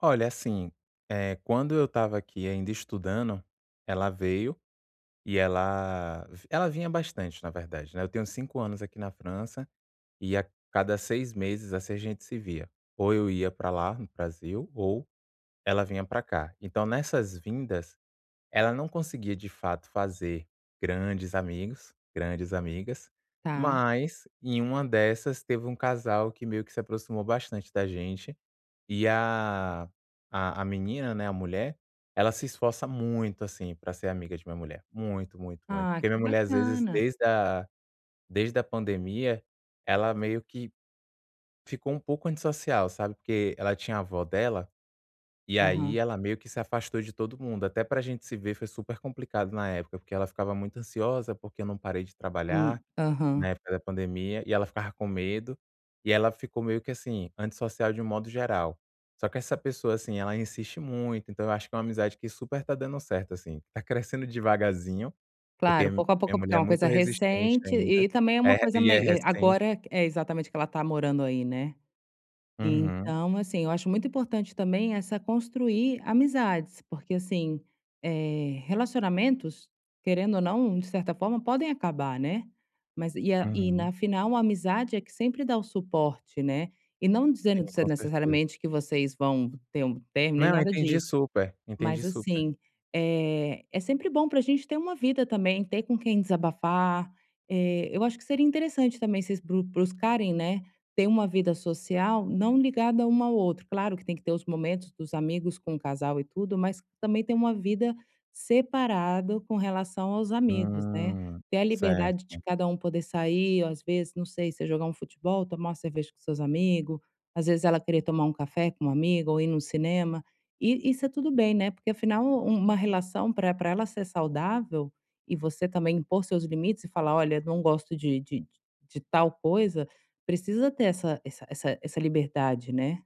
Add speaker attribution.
Speaker 1: Olha, assim, eh, quando eu estava aqui ainda estudando, ela veio, e ela vi ela vinha bastante na verdade, né, eu tenho 5 anos aqui na França, e a cada 6 meses, assim, a gente se via. Ou eu ia pra lá, no Brasil ou ela vinha pra cá. Então, nessas vindas, ela não conseguia de fato fazer grandes amigos, grandes amigas,
Speaker 2: Tá.
Speaker 1: mas em uma dessas teve um casal que meio que se aproximou bastante da gente, eh, a a a menina, né, a mulher, ela se esforça muito assim, pra ser amiga de minha mulher, muito, muito, muito.
Speaker 2: Ah,
Speaker 1: Porque minha
Speaker 2: que
Speaker 1: mulher, as vezes,
Speaker 2: bacana.
Speaker 1: desde a desde a pandemia, ela meio que ficou um pouco antissocial, sabe, porque ela tinha a vó dela, e aí
Speaker 2: Aham.
Speaker 1: ela meio que se afastou de todo mundo. Até pra gente se ver, foi super complicado na época, porque ela ficava muito ansiosa, porque eu não parei de
Speaker 2: Hum.
Speaker 1: trabalhar na
Speaker 2: Aham.
Speaker 1: época da pandemia, e ela ficava com medo. E ela ficou meio que assim, antissocial de um modo geral. Só que essa pessoa, assim, ela insiste muito, então, eu acho que é uma amizade que super tá dando certo, assim, tá crescendo devagarzinho, porque
Speaker 2: Claro, pouco a
Speaker 1: minha
Speaker 2: pouco porque é
Speaker 1: mulher é
Speaker 2: uma coisa
Speaker 1: muito resistente
Speaker 2: recente
Speaker 1: ainda,
Speaker 2: e também é
Speaker 1: eh,
Speaker 2: uma coisa
Speaker 1: e é
Speaker 2: mei eh,
Speaker 1: recente.
Speaker 2: agora que é exatamente que ela tá morando aí, né?
Speaker 1: Uhum.
Speaker 2: Então assim, acho muito importante também essa construir amizades, porque assim, eh, relacionamentos querendo ou não, de certa forma podem acabar, né. Mas e a e
Speaker 1: Uhum.
Speaker 2: na final uma amizade é que sempre dá o suporte, né. E não dizendo
Speaker 1: Sim,
Speaker 2: de
Speaker 1: com
Speaker 2: ser
Speaker 1: certeza.
Speaker 2: necessariamente que vocês vão ter um término, nem
Speaker 1: Não,
Speaker 2: nada
Speaker 1: entendi
Speaker 2: disso,
Speaker 1: super.
Speaker 2: mas
Speaker 1: Entendi super.
Speaker 2: assim, eh, é sempre bom pra gente ter uma vida também, ter com quem desabafar. Eh, eu acho que seria interessante também vocês brus buscarem, né, ter uma vida social não ligada uma ao outro. Claro que tem que ter os momentos dos amigos com o casal e tudo, mas também ter uma vida separado com relação aos amigos, né.
Speaker 1: Hum,
Speaker 2: Ter a liberdade de
Speaker 1: certo.
Speaker 2: cada um poder sair ou as vezes, não sei, se é jogar um futebol? Tomar uma cerveja com seus amigo. As vezes, ela querer tomar um café com uma amiga ou ir no cinema. E e isso é tudo bem, né. Porque afinal um uma relação pra pra ela ser saudável e você também impor seus limites e falar: "Olha não gosto de de de tal coisa". Precisa ter essa essa essa essa liberdade, né?